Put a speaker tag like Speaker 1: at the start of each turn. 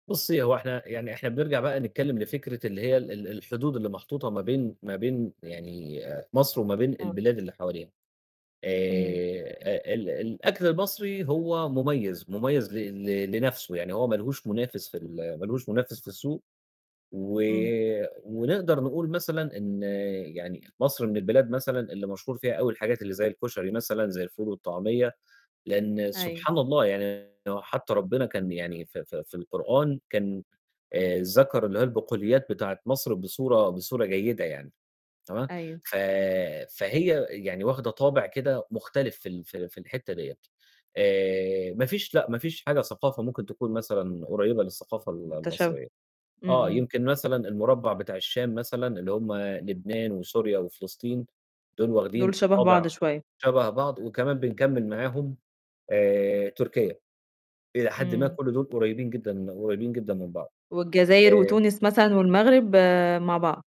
Speaker 1: بُصّي، هو إحنا يعني إحنا بنرجع بقى نتكلّم لفكرة اللي هي ال الحدود اللي محطوطة ما بين ما بين يعني مصر وما بين
Speaker 2: إمم.
Speaker 1: البلاد اللي حواليها
Speaker 2: إمم.
Speaker 1: آآ، أ ال الأكل المصري هو مُميز، مٌميز ل ل لنَفْسه، يعني هو ما لهوش مُنافس في ال ما لوش منافس في السوق، و
Speaker 2: إمم.
Speaker 1: ونقدر نقول مثلًا إن يعني مصر من البلاد مثلًا اللي مشهور فيها أوي الحاجات اللي زي الكشري مثلًا زي الفول والطعمية، لإن
Speaker 2: أيوه.
Speaker 1: سبحان الله يعني هو حتى ربّنا كان يعني ف ف في القرآن كان آآ ذكر اللي هو البقوليات بتاعة مصر بصورة بصورة جيدة يعني، تمام.
Speaker 2: أيوه.
Speaker 1: ف فهي يعني واخده طابع كده مختلف في ال في ال في الحتّة دِيّة، آآ، ما فيش لأ، ما فيش حاجة ثقافة ممكن تكون مثلًا قريّبة للثقافة ال
Speaker 2: مُتشو
Speaker 1: المصرية.
Speaker 2: امم،
Speaker 1: آه
Speaker 2: امم.
Speaker 1: يمكن مثلًا المربّع بتاع الشام مثلًا اللي هم لبنان وسوريا وفلسطين دُول
Speaker 2: دُول
Speaker 1: واخدين
Speaker 2: شبه
Speaker 1: طابع
Speaker 2: بعض شوية.
Speaker 1: شبه بعض، وكمان بنكمّل معاهم آآ، تركيا. إلى حدٍ ما
Speaker 2: إمم.
Speaker 1: كل دول قُريّبين جدًا قُريّبين جدًا من بعض
Speaker 2: والجزاير
Speaker 1: آآ
Speaker 2: وتونس مثلًا والمغرب آآ، مع بعض.